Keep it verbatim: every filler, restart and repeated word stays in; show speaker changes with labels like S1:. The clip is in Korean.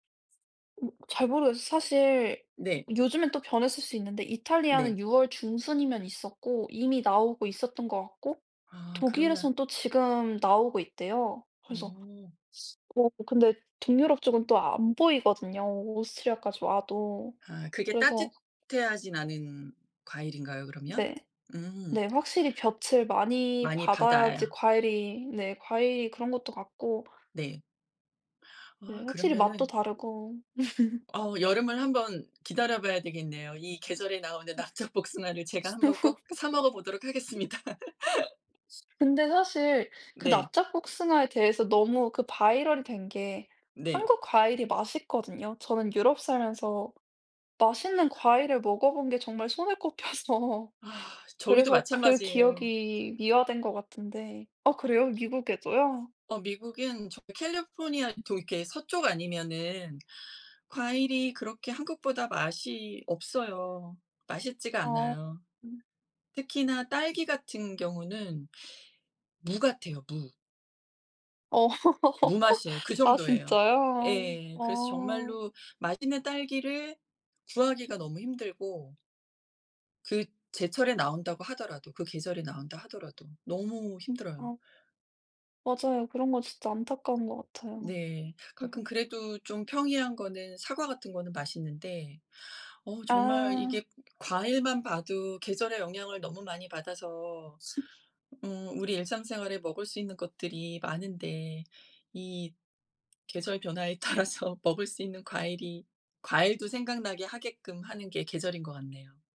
S1: 어 잘 모르겠어요. 사실
S2: 네.
S1: 요즘엔 또 변했을 수 있는데
S2: 네.
S1: 이탈리아는 유 월 중순이면 있었고 이미 나오고 있었던 것 같고
S2: 아 그러면
S1: 독일에선 또 지금 나오고 있대요. 그래서
S2: 어.
S1: 어 근데 동유럽 쪽은 또 안 보이거든요. 오스트리아까지 와도.
S2: 아 그게
S1: 그래서
S2: 따뜻해야지 나는 과일인가요 그러면?
S1: 네.
S2: 음.
S1: 네 확실히 볕을 많이
S2: 많이
S1: 받아야지
S2: 받아야
S1: 과일이 네 과일이 그런 것도 같고
S2: 네.
S1: 네.
S2: 아
S1: 확실히 맛도
S2: 그러면은
S1: 다르고.
S2: 어 여름을 한번 기다려봐야 되겠네요. 이 계절에 나오는 납작 복숭아를 제가 한번 꼭 사 먹어 보도록 하겠습니다.
S1: 근데 사실 그
S2: 네.
S1: 납작 복숭아에 대해서 너무 그 바이럴이 된 게
S2: 네.
S1: 한국 과일이 맛있거든요. 저는 유럽 살면서 맛있는 과일을 먹어 본 게 정말 손에 꼽혀서.
S2: 아 저희도
S1: 그래서 그
S2: 마찬가지예요.
S1: 기억이 미화된 것 같은데. 아 그래요? 미국에도요?
S2: 어 미국은 저 캘리포니아 좀 이렇게 서쪽 아니면 과일이 그렇게 한국보다 맛이 없어요. 맛있지가
S1: 어.
S2: 않아요.
S1: 음.
S2: 특히나 딸기 같은 경우는 무 같아요, 무.
S1: 어.
S2: 무맛이에요. 그
S1: 아
S2: 정도예요.
S1: 진짜요?
S2: 예 그래서
S1: 아.
S2: 정말로 맛있는 딸기를 구하기가 너무 힘들고 그 제철에 나온다고 하더라도 그 계절에 나온다 하더라도 너무 힘들어요.
S1: 아. 맞아요. 그런 거 진짜 안타까운 것 같아요.
S2: 네. 가끔 그래도 좀 평이한 거는 사과 같은 거는 맛있는데 어 정말
S1: 아.
S2: 이게 과일만 봐도 계절의 영향을 너무 많이 받아서 음 우리 일상생활에 먹을 수 있는 것들이 많은데 이 계절 변화에 따라서 먹을 수 있는 과일이 과일도 생각나게 하게끔 하는 게 계절인 것 같네요.